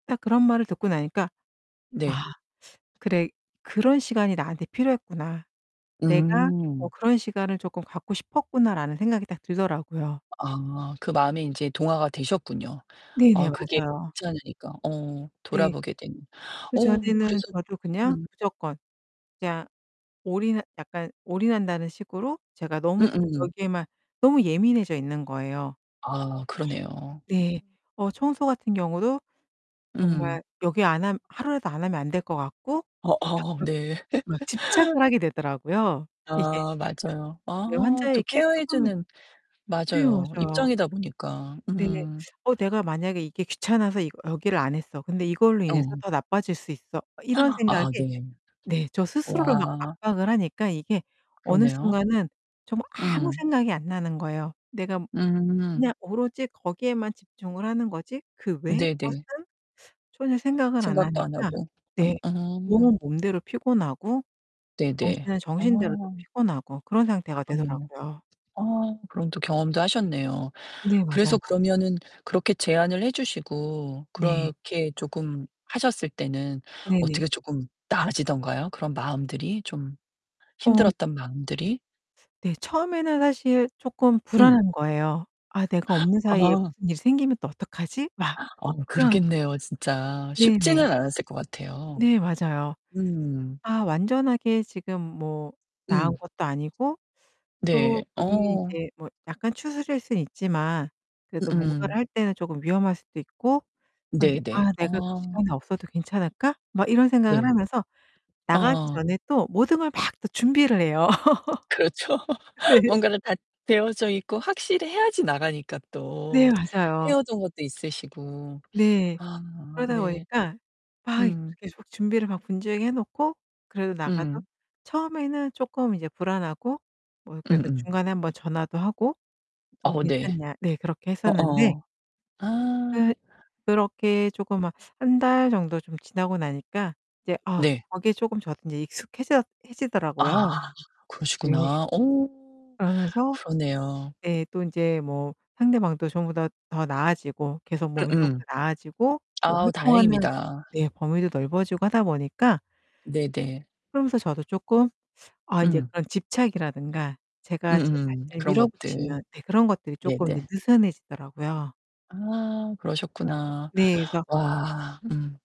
딱 그런 말을 듣고 나니까 네. '아 그래 그런 시간이 나한테 필요했구나. 내가 어 음. 그런 시간을 쪼끔 갖고 싶었구나.'라는 생각이 딱 들더라고요. 아, 그 마음에 인제 동화가 되셨군요. 네네. 아 그게 맞아요. 괜찮으니까. 어. 네. 돌아보게 되는. 어, 그전에는 그래서 저도 그냥 음. 무조건 그냥 올인하 약간 올인한다는 식으로 제가 너무 거 음음. 거기에만 너무 예민해져 있는 거예요. 아, 그러네요. 네. 어 청소 같은 경우도 음. 정말 여기 안 하면 하루라도 안 하면 안될 것 같고 어어 갑자기 네. 막 집착을 하게 되더라고요 이게. 아, 예. 맞아요. 네 아, 저 환자에게 케어 해 쪼금 주는 네, 맞아요. 맞아요. 입장이다 보니까. 네. 음. '어 내가 만약에 이게 귀찮아서 이 여기를 안 했어. 근데 이걸로 인해서 어. 더 나빠질 수 있어.' 이런 생각에 아, 네. 네, 저 스스로를 막 우와. 압박을 하니까 이게 어느 그러네요. 순간은 정말 아무 음. 생각이 안 나는 거예요. 내가 음. 그냥 오로지 거기에만 집중을 하는 거지. 그 외에 네네. 것은 전혀 생각을 안 생각도 안 하니까 하고. 네. 으음. 몸은 몸대로 피곤하고 네네. 정신은 정신대로 또 아. 피곤하고 그런 상태가 그러네요. 되더라고요. 아, 그럼 또 경험도 하셨네요. 네, 맞아요. 그래서 그러면은 그렇게 제안을 해 주시고 네. 그렇게 쪼금 하셨을 때는 네네. 어떻게 쪼끔 나아지던가요? 그런 마음들이 좀 어 힘들었던 마음들이? 네 처음에는 사실 쪼끔 응. 불안한 거예요. '아 내가 없는 사이에 아. 무슨 일이 생기면 또 어떡하지?' 막 어 그런 그러겠네요, 진짜. 네네. 쉽지는 않았을 것 같아요. 네, 맞아요. 음. 아 완전하게 지금 뭐 나은 음. 것도 아니고 네, 또 본인이 어. 이제 뭐 약간 추스릴 수는 있지만 그래도 뭔가를 으음. 할 때는 쪼금 위험할 수도 있고 아 근데 '아 네네. 내가 그 어. 시간이 없어도 괜찮을까?' 막 이런 생각을 네. 하면서 나가기 어. 전에 또 모든 걸 막 또 준비를 해요. 그렇죠. 네. 뭔가를 다 되어져 있고 확실히 해야지 나가니까 또. 네, 맞아요. 헤어진 것도 있으시고. 네. 아 그러다 네. 보니까 막 음. 계속 준비를 막 분주하게 해 놓고 그래도 나가서 음. 처음에는 쪼끔 이제 불안하고 뭐 그래서 음음. 중간에 1 번 전화도 하고 "어 어우 네. 괜찮냐." 네, 그렇게 했었는데 어어. 아. 그 그렇게 쪼금 막 1 달 정도 좀 지나고 나니까 이제 아 네. 거기에 쪼금 저도 이제 익숙해져 해지더라고요. 아, 네. 그러시구나. 어, 그러면서 그러네요. 네. 또 인제 뭐 상대방도 전보다 더 나아지고 계속 몸이 좀 음음. 더 나아지고 뭐 아 활동하는 다행입니다. 네 범위도 넓어지고 하다 보니까 네네. 그러면서 저도 쪼끔 아 이제 음. 그런 집착이라든가 제가 제 음음. 자신을 그런 것들. 밀어붙이는 네 그런 것들이 쪼끔 네네. 이제 느슨해지더라고요. 아, 어 그러셨구나. 네, 그래서 와, 음.